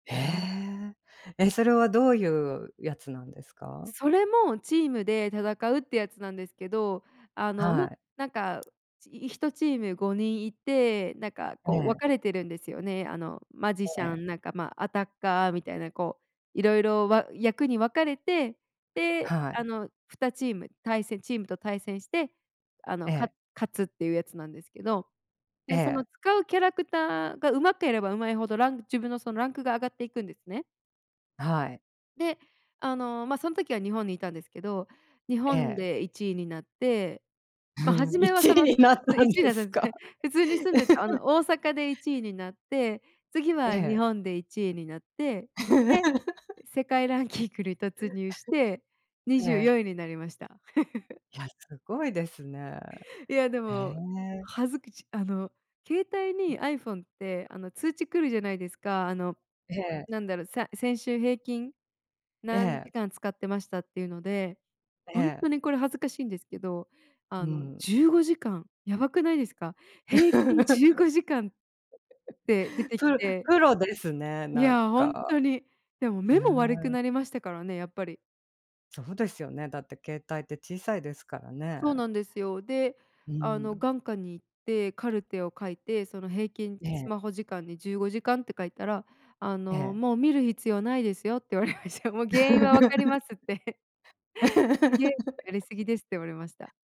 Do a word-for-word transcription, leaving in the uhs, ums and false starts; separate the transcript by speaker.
Speaker 1: へえ、え、それはどういうやつなんですか？
Speaker 2: それもチームで戦うってやつなんですけど、あの、ま、
Speaker 1: はい。
Speaker 2: なんかひとチームごにんいてなんか
Speaker 1: え
Speaker 2: こう分
Speaker 1: え。
Speaker 2: かれてるんですよね。あのマジシ
Speaker 1: え
Speaker 2: ャ
Speaker 1: え。
Speaker 2: ン、なんか、ま、アタッカーみたいなこう色々わ役に分かれて、で
Speaker 1: は
Speaker 2: あ
Speaker 1: い。
Speaker 2: の、ふたチーム対戦チームと対戦して、あの、
Speaker 1: え
Speaker 2: か
Speaker 1: え。
Speaker 2: 勝つっていうやつなんですけど、
Speaker 1: え
Speaker 2: ね、その
Speaker 1: え。
Speaker 2: 使うキャラクターがうまければうまいほど、ラン自分のそのランクが上がっていくんですね。
Speaker 1: はい。
Speaker 2: で、あの、ま、その時は日本にいたんですけど、日
Speaker 1: え
Speaker 2: 本
Speaker 1: え。
Speaker 2: でいちいになって、
Speaker 1: ふ
Speaker 2: ま、は
Speaker 1: ん、
Speaker 2: じ
Speaker 1: い
Speaker 2: めは
Speaker 1: ちい
Speaker 2: その、
Speaker 1: に
Speaker 2: す
Speaker 1: なっ
Speaker 2: う
Speaker 1: た
Speaker 2: い
Speaker 1: ん
Speaker 2: ちい
Speaker 1: で
Speaker 2: だっ
Speaker 1: す
Speaker 2: たんです
Speaker 1: か？
Speaker 2: ね。普通に住んでたあ の大阪でいちいになって、次
Speaker 1: え
Speaker 2: は日
Speaker 1: え。
Speaker 2: 本でいちいになって、で 世界ランキングに 突入してに
Speaker 1: え
Speaker 2: じゅう
Speaker 1: え。
Speaker 2: よんいになりました。
Speaker 1: いや、すごいですね。
Speaker 2: いやで
Speaker 1: へ
Speaker 2: も、
Speaker 1: え。
Speaker 2: 恥ずくちあの、携帯にアイフォンてあの通知来るじゃないですか。あの、
Speaker 1: ええ。
Speaker 2: なんだろ、さ先週平均
Speaker 1: え
Speaker 2: 何時
Speaker 1: え。
Speaker 2: 間使ってましたっていうので、
Speaker 1: え
Speaker 2: 本
Speaker 1: え。
Speaker 2: 当にこれ恥ずかしいんですけど
Speaker 1: う
Speaker 2: あの
Speaker 1: ん。
Speaker 2: じゅうごじかんやばくないですか。平均じゅうごじかんって出 てき
Speaker 1: プ
Speaker 2: て。
Speaker 1: プロですね、
Speaker 2: い
Speaker 1: なん
Speaker 2: や本
Speaker 1: か。
Speaker 2: 当に。でも
Speaker 1: へ
Speaker 2: 目も悪く
Speaker 1: え。
Speaker 2: なりましたからね、やっぱり。
Speaker 1: そうですよね。だって携帯って小さいですから
Speaker 2: そう
Speaker 1: ね。
Speaker 2: なんですよ。で、
Speaker 1: う
Speaker 2: あの
Speaker 1: ん。
Speaker 2: 眼科に行ってカルテを書いて、その平均
Speaker 1: え
Speaker 2: ス
Speaker 1: え。
Speaker 2: マホ時間にじゅうごじかんって書いたら、あの、
Speaker 1: ええ。
Speaker 2: 「もう見る必要ないですよ」って言われました。「もう原因は分かります」って。「ゲームやりすぎです」って言われました。